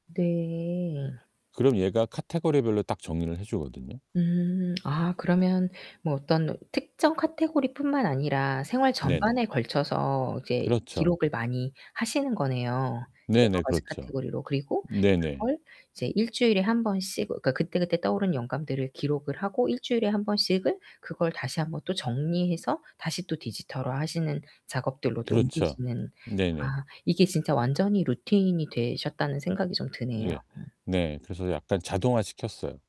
네. 그럼 얘가 카테고리별로 딱 정리를 해 주거든요. 음. 아, 그러면 뭐 어떤 특정 카테고리뿐만 아니라 생활 네네. 전반에 걸쳐서 이제 그렇죠. 기록을 많이 하시는 거네요. 여러 네네. 가지 그렇죠. 카테고리로. 그리고 네네. 그걸 이제 1 주일에 1 번씩, 어 그니까 그때그때 떠오른 영감들을 기록을 하고 1 주일에 1 번씩을 그걸 다시 1 번 또 정리해서 다시 또 디지털화하시는 작업들로 또 그렇죠. 옮기시는 네네. 아, 이게 진짜 완전히 루틴이 되셨다는 생각이 좀 드네요. 예. 음. 네. 그래서 약간 자동화 시켰어요.